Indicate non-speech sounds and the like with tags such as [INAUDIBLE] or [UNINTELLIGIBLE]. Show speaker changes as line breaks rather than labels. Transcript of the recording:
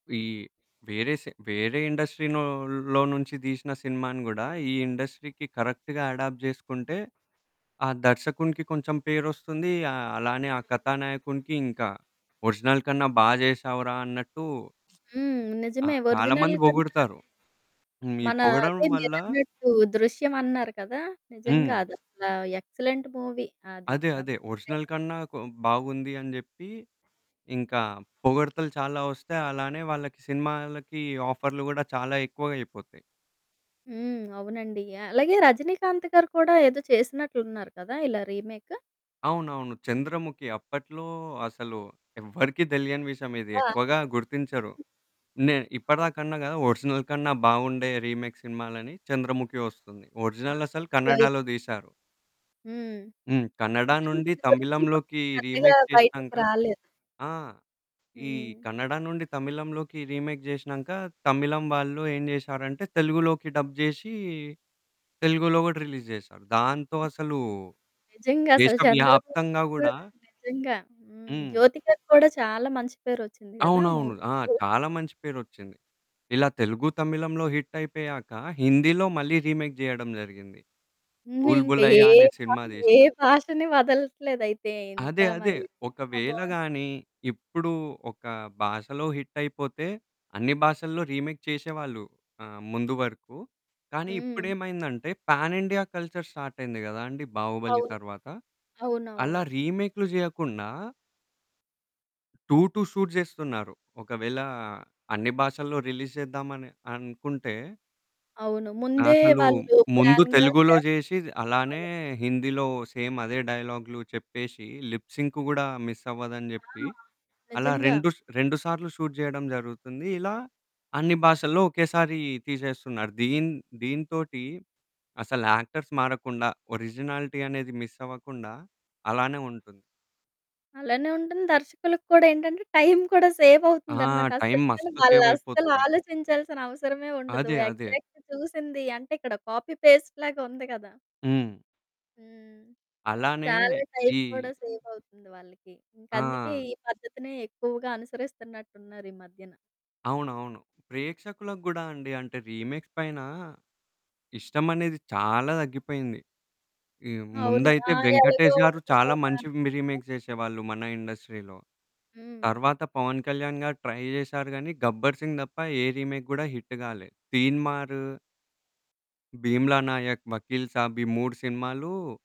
ఈ వేరే సే వేరే ఇండస్ట్రీనోలో నుంచి దీసిన సినిమాని గూడా ఈ ఇండస్ట్రీకి కరెక్ట్‌గా అడాప్ట్ జేసుకుంటే, ఆ దర్శకునికి కొంచెం పేరొస్తుందీ, ఆహ్, అలానే ఆ
అవును.
కథానాయకునికి ఇంకా. ఒరిజినల్ కన్నా బా జేశావురా అన్నట్టూ [SMACKS LIPS]
హ్మ్.
ఆ!
నిజమే.
చాలా
ఒరిజినల్‌
మంది
కన్నా
బొగుడుతారు. హ్మ్.
అదే
ఈ
మనా
పొగడడం
అదే
వల్ల
మీరన్నట్టు దృశ్యమన్నారు కదా! నిజంగా
హ్మ్.
అదసలా ఎక్సలెంట్ మూవీ అది.
అదే.
ఎవ్
అదే. ఒరిజినల్
[UNINTELLIGIBLE]
కన్నా కొ బాగుంది అని జెప్పీ, ఇంకా పొగడ్తలు చాలా ఒస్తాయి, అలానే వాళ్ళకి సినిమాలకి ఆఫర్లు గూడా చాలా ఎక్కువగయిపోతాయి.
హ్మ్. అవునండి. అలాగే 'రజినీకాంత్' గారు కూడా ఏదో చేసినట్లున్నారు కదా! ఇలా రీమేకు.
అవునవును. 'చంద్రముఖి' అప్పట్లో అసలు ఎవ్వరికీ దెలియని విషయమిది.
అబ్బా!
ఎక్కువగా గుర్తించరు. నే
అవును.
ఇప్పటిదాకన్నా గదా ఒరిజినల్ కన్నా బావుండే రీమేక్ సినిమాలని. 'చంద్రముఖి' వస్తుంది.
ఆ!
ఒరిజినలసలు
అందులో అయి
కన్నడాలో దీశారు.
హ్మ్.
హ్మ్. కన్నడా
కానీ
నుండి
దీని గురించి పె
తమిళంలోకి
పెద్దగా
రీమేక్
బయటికి
చేషినాంక
రాలేదు.
ఆ! ఈ
హ్మ్
కన్నడా నుండి తమిళంలోకి రీమేక్ జేషినాంక, తమిళం వాళ్ళు ఏం జేషారంటే, తెలుగులోకి డబ్ జేషీ, తెలుగులో గూడా రిలీజ్ జేశారు. దాంతో
హ్మ్.
అసలూ
నిజంగసల 'చంద్రముఖికి'
దేశవ్యాప్తంగా
కూడా
గూడా
నిజంగా. హ్మ్.
హ్మ్.
'జ్యోతికకి' కూడా చాలా మంచి పేరొచ్చింది గదా! ఆ
అవునవును.
మూవీ
ఆ!
వల్ల.
చాలా మంచి పేరొచ్చింది. ఇలా తెలుగు, తమిళంలో హిట్టయిపోయాక హిందీలో మళ్ళీ రీమేక్ జెయడం జరిగింది.
నువ్వు ఇంక ఏ
'బుల్‌బులయా' అనే సినిమా
[UNINTELLIGIBLE] ఏ
దీశారు.
భాషని వదలట్లేదయితే ఇంత
అదే. అదే.
మరీ. ఆ!
ఒకవేళ
బావుంది.
గానీ ఇప్పుడు ఒక భాషలో హిట్టయిపోతే, అన్ని భాషల్లో రీమేక్ చేషేవాళ్ళు ఆహ్, ముందు వరుకు, కానీ
హ్మ్.
ఇప్పుడేమైందంటే, ప్యానిండియా కల్చర్ స్టార్టయింది గదా అండి 'బాహుబలి'
అవును.
తర్వాత. అలా
అవునవును.
రీమేక్లు జెయ్యకుండా టు టు షూట్ జేస్తున్నారు. ఒకవేళా అన్ని భాషల్లో రిలీజ్ జేద్దామని అనుకుంటే
అవును. ముందే
అసలూ
వాళ్ళు
ముందు
ప్లాన్‌గా
తెలుగులో
చేస్తనారు.
జేషి అలానే
అవును.
హిందీలో సేమ్ అదే డైలాగ్లు చెప్పేషీ, లిప్ సింకు గూడా మిస్సవ్వదని జెప్పి,
ఆ!
అలా
నిజంగా.
రెండు స్ 2 సార్లు షూట్ జెయడం జరుగుతుంది. ఇలా అన్ని భాషల్లో ఒకేసారీ తీసేస్తున్నారు. దీన్ దీనితోటీ అసల యాక్టర్స్ మారకుండా, ఒరిజినాలిటీ అనేది మిస్సవ్వకుండా అలానే ఉంటుంది.
అలానే ఉంటంది, దర్శకులకి కూడా ఏంటంటే, టైం కూడా
ఆ!
సేవవుతుందనమాట.
టైం
అసలెందుకని
మస్తు
వాళ్ళస్సలు
సేవయిపోతుంది.
ఆలోచించాల్సిన అవసరమే ఉండదు.
అదే. అదే.
ఎగ్జాక్ట్‌గా చూసింది అంటే, ఇక్కడ కాపీ, పేస్ట్‌లాగుంది గదా!
హ్మ్.
హ్మ్.
అలానే
చాలా టైం
ఈ
కూడా సేవవుతుంది వాళ్ళకి. ఇంకందుకే
ఆ!
ఈ పద్ధతినే ఎక్కువగా అనుసరిస్తన్నట్టున్నారు ఈ మధ్యన.
అవునవును. ప్రేక్షకులకు గూడా అండి. అంటే, రీమేక్స్ పైనా ఇష్టమనేది చాలా దగ్గిపోయింది. ఈ
అవును. ఆ!
ముందైతే
ఎలగో
'వెంకటేష్' గారు
[UNINTELLIGIBLE]
చాలా మంచి
హ్మ్.
మి రీమేక్ జేషేవాళ్ళు మన ఇండస్ట్రీలో.
హ్మ్.
తర్వాత 'పవన్ కళ్యాణ్' గారు ట్రై జేశారు గానీ 'గబ్బర్ సింగ్' దప్ప ఏ రీమేక్ గూడా హిట్టు గాలే. 'తీన్‌మారు' 'భీమ్లా నాయక్', 'వకీల్ సాబ్' ఈ 3 సినిమాలు